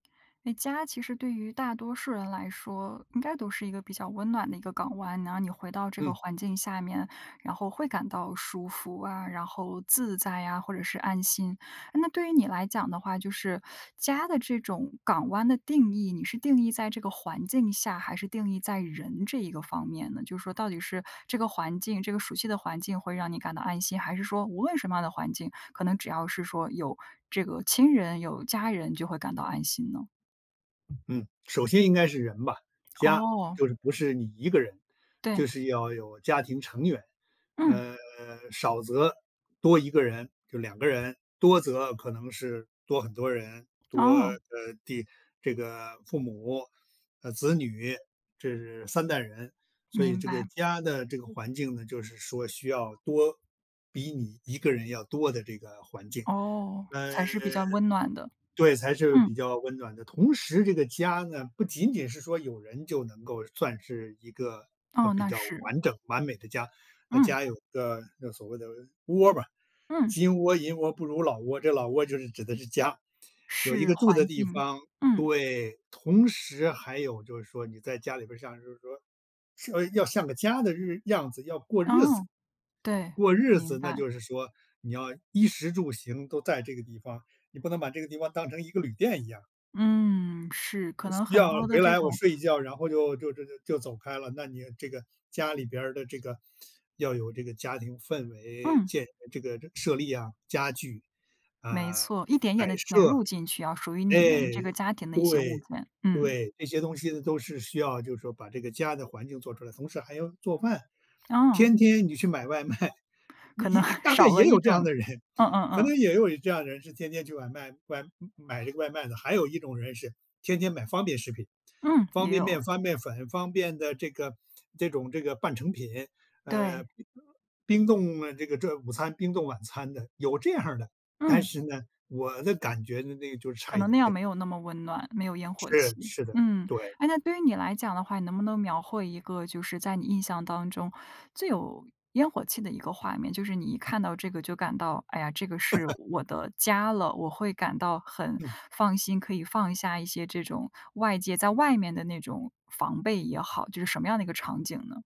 那家其实对于大多数人来说，应该都是一个比较温暖的一个港湾。然后你回到这个嗯。环境下面，然后会感到舒服啊，然后自在呀，或者是安心。那对于你来讲的话，就是家的这种港湾的定义，你是定义在这个环境下，还是定义在人这一个方面呢？就是说到底是这个环境，这个熟悉的环境会让你感到安心，还是说无论什么样的环境，可能只要是说有这个亲人，有家人就会感到安心呢？嗯，首先应该是人吧，家，哦。就是不是你1个人，就对。是要有家庭成员，嗯。呃，少则多1个人就2个人，多则可能是多很多人，多，呃，哦。第这个父母，呃，子女，这3代人。所以明这个白。家的这个环境呢，就是说需要多比你1个人要多的这个环境，哦，呃，才是比较温暖的。对，才是比嗯。较温暖的。同时这个家呢，不仅仅是说有人就能够算是一个，呃，哦，比那较是。完整、完美的家，那嗯。家有一个就所谓的窝吧，嗯。金窝银窝不如老窝，这老窝就是指的是家。有一是个住环的地境，方，嗯。对，同时还有就是说你在家里边儿像就是说要像个家的日样子要过日子。哦，对，过日明子，那白。就是说你要衣食住行都在这个地方，你不能把这个地方当成一个旅店一样。嗯，是，可能需很要多的回这来我种睡一觉，然后就就就就就走开了，那你这个家里边儿的这个要有这个家庭氛围，嗯。建这个设立啊，家具没啊摆设，错，一点一点地填入进去啊，属于你哎，们这个家庭的一些物对，件，嗯。对，这些东西呢，都是需要，就是说把这个家的环境做出来，同时还要做饭。哦。天天你去买外卖，可能也 大概少也了一有这样种的人，嗯嗯可嗯。能也有这样的人是天天去外卖买这个外卖的，还有一种人是天天买方便食品。嗯，方也便有。面、方便粉、方便的这个这种这个半成品，呃，对。冰冻，呃，这个这午餐、冰冻晚餐的，有这样的，但嗯。是呢，我的感觉呢，那个就是可差一能那点样点。没有那么温暖，没有烟火是，气，是的，嗯。对。哎那对于你来讲的话，你能不能描绘一个就是在你印象当中最有烟火气的一个画面，就是你一看到这个就感到，哎呀，这个是 我的家了，我会感到很嗯。放心，可以放下一些这种外界在外面的那种防备也好，就是什么样的一个场景呢？